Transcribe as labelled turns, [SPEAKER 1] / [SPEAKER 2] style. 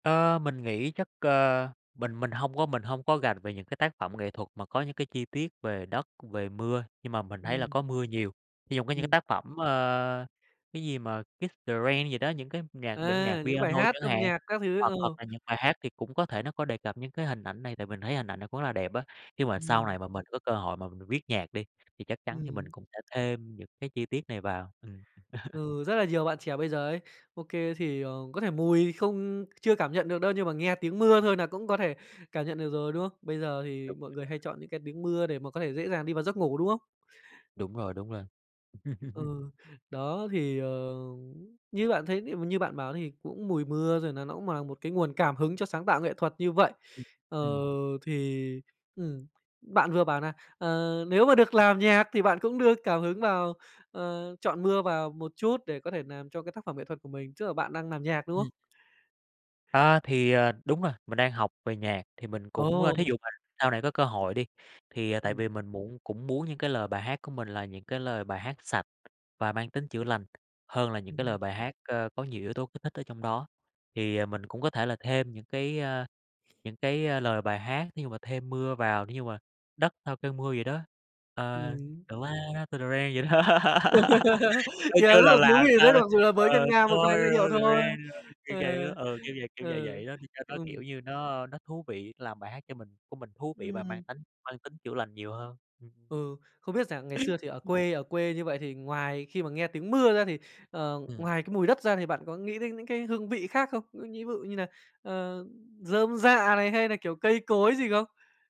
[SPEAKER 1] Ờ, mình nghĩ chắc, ờ, mình mình hông có mình hông có rành về những cái tác phẩm nghệ thuật mà có những cái chi tiết về đất, về mưa, nhưng mà mình thấy là
[SPEAKER 2] Ừm.
[SPEAKER 1] có mưa nhiều. Thí trong những cái
[SPEAKER 2] Ừm.
[SPEAKER 1] tác phẩm, ơ, cái gì mà "Kiss the rain" gì đó, những cái nhạc bản nhạc
[SPEAKER 2] À, những bài
[SPEAKER 1] piano
[SPEAKER 2] hát
[SPEAKER 1] chẳng
[SPEAKER 2] âm
[SPEAKER 1] hạn,
[SPEAKER 2] nhạc các thứ,
[SPEAKER 1] hoặc
[SPEAKER 2] ờ.
[SPEAKER 1] hoặc là những bài hát thì cũng có thể nó có đề cập những cái hình ảnh này. Tại mình thấy hình ảnh này cũng là đẹp á. Nếu mà sau
[SPEAKER 2] Ừm.
[SPEAKER 1] này mà mình có cơ hội mà m mình viết nhạc đi, thì chắc chắn thì
[SPEAKER 2] Ừm.
[SPEAKER 1] mình cũng sẽ thêm những cái chi tiết này vào. Ừm.
[SPEAKER 2] Ừ, rất là nhiều bạn trẻ bây giờ ấy, OK thì, ờ, có thể mùi không chưa cảm nhận được đâu. Nhưng mà nghe tiếng mưa thôi nà cũng có thể cảm nhận được rồi, đúng không? Bây giờ thì
[SPEAKER 1] Đúng rồi,
[SPEAKER 2] mọi người
[SPEAKER 1] đúng
[SPEAKER 2] hay
[SPEAKER 1] rồi.
[SPEAKER 2] chọn những cái tiếng mưa để mà có thể dễ dàng đi vào giấc ngủ, đúng không?
[SPEAKER 1] Đúng rồi, đúng rồi.
[SPEAKER 2] Ừ, đó, thì, ờ, như bạn thấy thì m như bạn bảo thì cũng mùi mưa, rồi nà nó cũng mà một cái nguồn cảm hứng cho sáng tạo nghệ thuật như vậy.
[SPEAKER 1] Ừm,
[SPEAKER 2] Ờ,
[SPEAKER 1] ừm.
[SPEAKER 2] thì, ừm, bạn vừa bảo nà, ờ, nếu mà được làm nhạc thì bạn cũng đưa cảm hứng vào, ờ, chọn mưa vào một chút để có thể làm cho cái tác phẩm nghệ thuật của mình. Tức là bạn đang làm nhạc, đúng không?
[SPEAKER 1] Ừm. A, thì, à, đúng rồi. Mình đang học về nhạc, thì mình cũng ơ, thí
[SPEAKER 2] Ồ!
[SPEAKER 1] dụ mà sau này có cơ hội đi, thì tại
[SPEAKER 2] Ừm.
[SPEAKER 1] vì mình muộn cũng muốn những cái lời bài hát của mình là những cái lời bài hát sạch và mang tính chữa lành, hơn là những cái lời
[SPEAKER 2] Ừm.
[SPEAKER 1] bài hát, ơ, có nhiều yếu tố kích thích ở trong đó. Thì, ờ, mình cũng có thể là thêm những cái, ơ, những cái lời bài hát, thí dụ mà thêm mưa vào, để như mà đất sau cơn mưa vậy đó, ờ,
[SPEAKER 2] Ừm.
[SPEAKER 1] the ground after the rain vậy đó. Coi
[SPEAKER 2] Nghe
[SPEAKER 1] như
[SPEAKER 2] rất
[SPEAKER 1] là
[SPEAKER 2] là thú
[SPEAKER 1] làm
[SPEAKER 2] vị
[SPEAKER 1] sao,
[SPEAKER 2] đấy, mặc dù là
[SPEAKER 1] ờ,
[SPEAKER 2] với ngân
[SPEAKER 1] [unintelligible]
[SPEAKER 2] nga
[SPEAKER 1] the
[SPEAKER 2] một vài giai điệu thôi.
[SPEAKER 1] rain kiểu vậy á,
[SPEAKER 2] Ờ,
[SPEAKER 1] ừ, kiểu vậy, kiểu vậy
[SPEAKER 2] ừ,
[SPEAKER 1] vậy đó, đi cho nó kiểu
[SPEAKER 2] ừm.
[SPEAKER 1] như nó nó thú vị, làm bài hát cho mình của mình thú vị và mang
[SPEAKER 2] Ừm.
[SPEAKER 1] tánh mang tính chữa lành nhiều hơn. Ừm.
[SPEAKER 2] Ừ, không biết rằng ngày xưa thì ở
[SPEAKER 1] Ừm.
[SPEAKER 2] quê ở quê như vậy, thì ngoài khi mà nghe tiếng mưa ra, thì, ờ,
[SPEAKER 1] Ừm.
[SPEAKER 2] ngoài cái mùi đất ra, thì bạn có nghĩ đến những cái hương vị khác không? Ngư nhĩ bự như nà, ờ, rơm rạ này, hay nà, kiểu, cây cối gì không?